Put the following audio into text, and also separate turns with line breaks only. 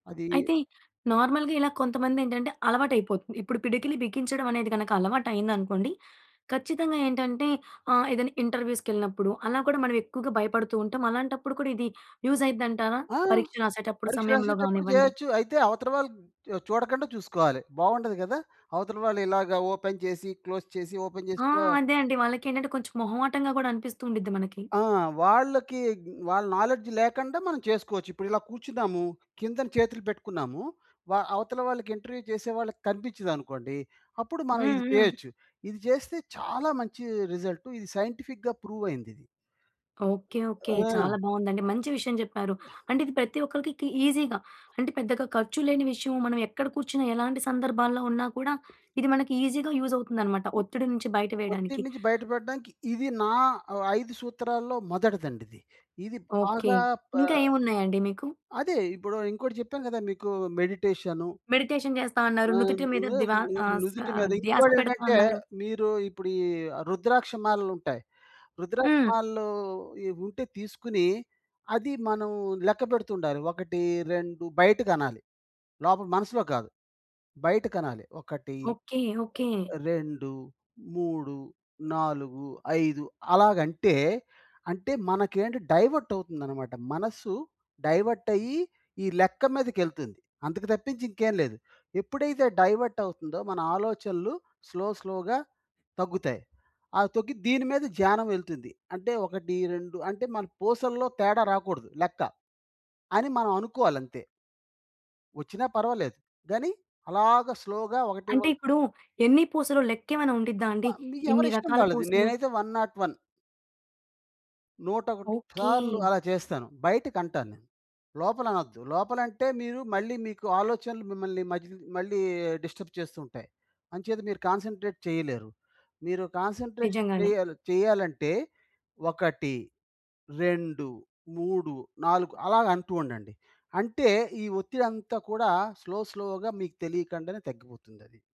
అది
అయితే నార్మల్‌గా ఇలా కొంతమందేంటంటే అలవాటైపోతుంది. ఇప్పుడు పిడికిలి బిగించడం అనేది కనుక అలవాటు అయిందనుకోండి. ఖచ్చితంగా ఏంటంటే ఆహ్, ఏదైనా ఇంటర్‌వ్యూస్ కెళ్ళినప్పుడు అలా కూడా మనం ఎక్కువగా భయపడుతూ ఉంటాం. అలాంటప్పుడు కూడా ఇది యూస్ అయిద్దంటారా,
ఆ!
పరీక్ష రాసేటప్పుడు
పరీక్ష
సమయంలో
రాసేటప్పుడు
కానివ్వండి?
చేయొచ్చు. అయితే అవతల వాళ్ళు చూడకుండా చూసుకోవాలి. బాగుండదు కదా! అవతల వాళ్ళు ఇలాగ ఓపెన్ చేసి క్లోజ్ చేసి, ఓపెన్
ఆ!
చేసి ఆ!
అదే అండి. వాళ్ళకేంటంటే కొంచెం మొహమాటంగా కూడా అనిపిస్తూ ఉండిద్ది మనకి.
ఆ! వాళ్ళకి వాళ్ళ నాలెడ్జ్ లేకుండా మనం చేసుకోవచ్చు. ఇప్పుడు ఇలా కూర్చున్నాము, కిందన చేతులు పెట్టుకున్నాము, వ అవతల వాళ్ళకి ఇంటర్‌వ్యూ చేసే వాళ్ళకి కనిపించిందనుకోండి, అప్పుడు మనం ఇది
హుహు.
చేయొచ్చు. ఇది చేస్తే చాలా మంచి రిజల్ట్. ఇది సైంటిఫిక్‌గా ప్రూవ్ అయింది ఇది.
Okay okay.
ఆ!
చాలా బాగుందండి. మంచి విషయం చెప్పారు. అంటే ఇది ప్రతి ఒక్కరికి కి ఈజీగా అంటే పెద్దగా ఖర్చు లేని విషయం. మనం ఎక్కడ కూర్చున్నా, ఎలాంటి సందర్భాల్లో ఉన్నా కూడా ఇది మనకి ఈజీగా యూజ్ అవుతుందన్నమాట. ఒత్తిడి నుంచి బయట
ఒత్తిడి
వేయడానికి.
నుంచి బయటపడడానికి ఇది నా ఆహ్, 5 సూత్రాల్లో మొదటిదండి ఇది ఇది
ఓకే.
బాగా. ఆ!
ఇంకా ఏమున్నాయండి మీకు?
అదే ఇప్పుడు ఇంకోటి చెప్పాను కదా! మీకు మెడిటేషను.
మెడిటేషన్ చేస్తా అన్నారు
ఆ!
నుదిటి మీద
నువ్వే
ద్వా
ని
ఆహ్, స్వా
నుదిటి మీద
ధ్యాస పెడతా
ఇంకోటేంటంటే
అన్నారు.
మీరు ఇప్పుడు ఈ రుద్రాక్ష మాలలు ఉంటాయి. రుద్రాక్ష
హ్మ్.
మాలలు ఈ ఉంటే తీసుకొని అది మనం లెక్కపెడుతుండాలి. 1, 2 బయటికనాలి. లోపల మనసులో కాదు. బయటికనాలి. 1,
ఓకే, ఓకే.
2, 3, 4, 5 అలాగంటే అంటే మనకేంటి డైవర్ట్ అవుతుందన్నమాట. మనస్సు డైవర్ట్ అయ్యి ఈ లెక్క మీదకెల్తుంది. అందుకు తప్పించి ఇంకేం లేదు. ఎప్పుడైతే డైవర్ట్ అవుతుందో మన ఆలోచనలు స్లో స్లోగా తగ్గుతాయి. అవి తగ్గి దీని మీద ధ్యానం వెళ్తుంది. అంటే 1, 2 అంటే మన పూసల్లో తేడా రాకూడదు లెక్క అని మనం అనుకోవాలంతె. వచ్చినా పర్వాలేదు గాని అలాగా స్లో‌గా ఒకటి
అంటే
ఒకటి.
ఇప్పుడు ఎన్ని పూసలు లెక్కేమైన ఉండిద్దా
వ
అండి. ఇన్ని
మీఎవరిష్టం
రకాల
వాళ్ళది.
పూసలు.
నేనైతే 101. 101
ఓకే.
సార్లు అలా చేస్తాను. బయటికంటాను నేను. లోపల అనొద్దు. లోపలంటే మీరు మళ్ళీ మీకు ఆలోచనలు మిమ్మల్ని మధ్య మళ్ళీ డిస్టర్బ్ చేస్తూ ఉంటాయి. అంచేత మీరు కాన్సంట్రేట్ చేయలేరు. మీరు కాన్సంట్రేషన్
నిజంగానే.
చేయాలి చేయాలంటే 1, 2, 3, 4 అలాగంటూ ఉండండి. అంటే ఈ ఒత్తిడి అంతా కూడా స్లో స్లోగా మీకు తెలియకుండానే తగ్గిపోతుంది అది.